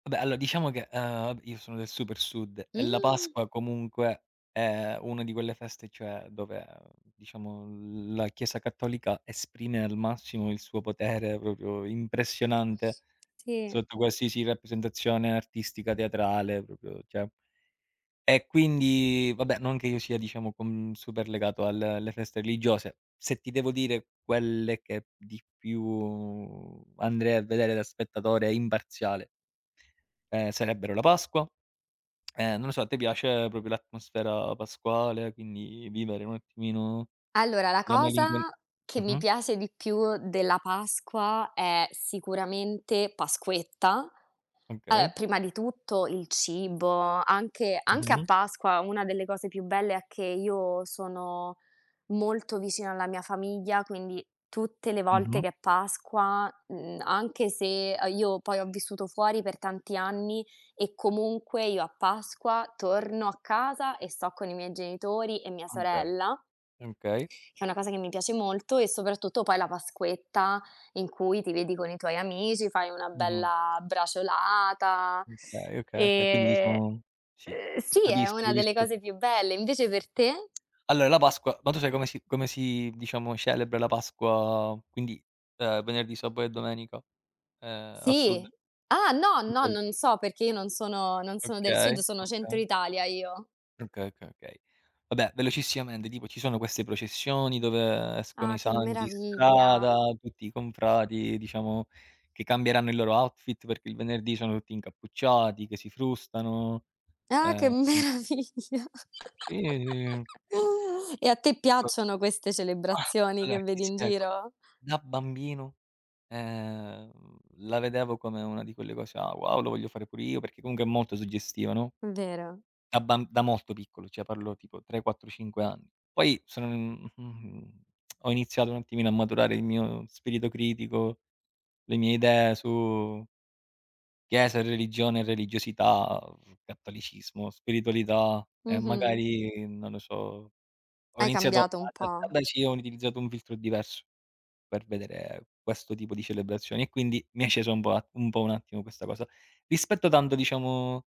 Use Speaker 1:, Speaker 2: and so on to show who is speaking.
Speaker 1: Ah beh, allora diciamo che, uhm, io sono del super Sud e la
Speaker 2: Mh.
Speaker 1: Pasqua comunque è una di quelle feste, cioè dove, ehm, diciamo la Chiesa cattolica esprime al massimo il suo potere, proprio
Speaker 2: S
Speaker 1: impressionante,
Speaker 2: sì.
Speaker 1: sotto qualsiasi rappresentazione artistica, teatrale, proprio cioè e quindi, vabbè, non che io sia, diciamo, con super legato al alle feste religiose. Se ti devo dire quelle che p di più andrei a vedere da spettatore imparziale ehm, sarebbero la Pasqua. Ehm, non lo so, a te piace proprio l'atmosfera pasquale, quindi vivere un attimino
Speaker 2: Allora, la
Speaker 1: la
Speaker 2: cosa
Speaker 1: malincon
Speaker 2: che mi
Speaker 1: mh-mh.
Speaker 2: piace di più della Pasqua è sicuramente Pasquetta. Allora,
Speaker 1: Okay.
Speaker 2: prima di tutto il cibo, anche anche a
Speaker 1: Mh-mh.
Speaker 2: Pasqua una delle cose più belle è che io sono molto vicina alla mia famiglia, quindi tutte le volte
Speaker 1: Mh-mh.
Speaker 2: che è Pasqua, mhmm, anche se a io poi ho vissuto fuori per tanti anni e comunque io a Pasqua torno a casa e sto con i miei genitori e mia
Speaker 1: Ahn, Okay.
Speaker 2: sorella,
Speaker 1: Okay.
Speaker 2: che è una cosa che mi piace molto, e soprattutto poi la Pasquetta in cui ti vedi con i tuoi amici, fai una
Speaker 1: Mh-mh.
Speaker 2: bella braciolata
Speaker 1: Okay, okay, okay. Quindi
Speaker 2: e
Speaker 1: diciamo sì,
Speaker 2: uhm, sì, è
Speaker 1: capisco,
Speaker 2: una delle
Speaker 1: capisco.
Speaker 2: cose più belle. Invece per te?
Speaker 1: Allora la Pasqua ma tu sai come si come si, diciamo, celebra la Pasqua, quindi, uhm, venerdì, sabato e domenica? Ehm, al Sud?
Speaker 2: Sì. Ah, no, no,
Speaker 1: Tipo il
Speaker 2: non so, perché io non sono non sono del
Speaker 1: Okay,
Speaker 2: Sud, sono centro
Speaker 1: okay.
Speaker 2: Italia io.
Speaker 1: Okay, okay, okay. Vabbè, velocissimamente, tipo ci sono queste processioni dove escono
Speaker 2: Ah,
Speaker 1: i
Speaker 2: che
Speaker 1: santi in
Speaker 2: meraviglia!
Speaker 1: strada, tutti i confrati, diciamo, che cambieranno il loro outfit perché il venerdì sono tutti incappucciati, che si frustano.
Speaker 2: Eh, che
Speaker 1: Ehm
Speaker 2: meraviglia!
Speaker 1: Sì [unintelligible]
Speaker 2: E a te
Speaker 1: Pro
Speaker 2: piacciono queste
Speaker 1: Ah,
Speaker 2: celebrazioni
Speaker 1: allora
Speaker 2: che
Speaker 1: ti
Speaker 2: vedi in
Speaker 1: spiego:
Speaker 2: giro?
Speaker 1: da bambino, ehm, la vedevo come una di quelle cose: "Ah wow, lo voglio fare pure io", perché comunque è molto suggestiva, no?
Speaker 2: Mh, vero.
Speaker 1: Da bam da molto piccolo, cioè parlo tipo 3, 4, 5 anni. Poi son mhmm, ho iniziato un attimino a maturare il mio spirito critico, le mie idee su chiesa, religione, religiosità, uhm, cattolicesimo, spiritualità e
Speaker 2: Mh-mh.
Speaker 1: magari, non lo so, ho
Speaker 2: Hai
Speaker 1: iniziato
Speaker 2: cambiato un
Speaker 1: da da
Speaker 2: po'?
Speaker 1: da sì, ho utilizzato un filtro diverso per vedere questo tipo di celebrazioni, e quindi mi è scesa un po' un po' un attimo questa cosa. Rispetto tanto, diciamo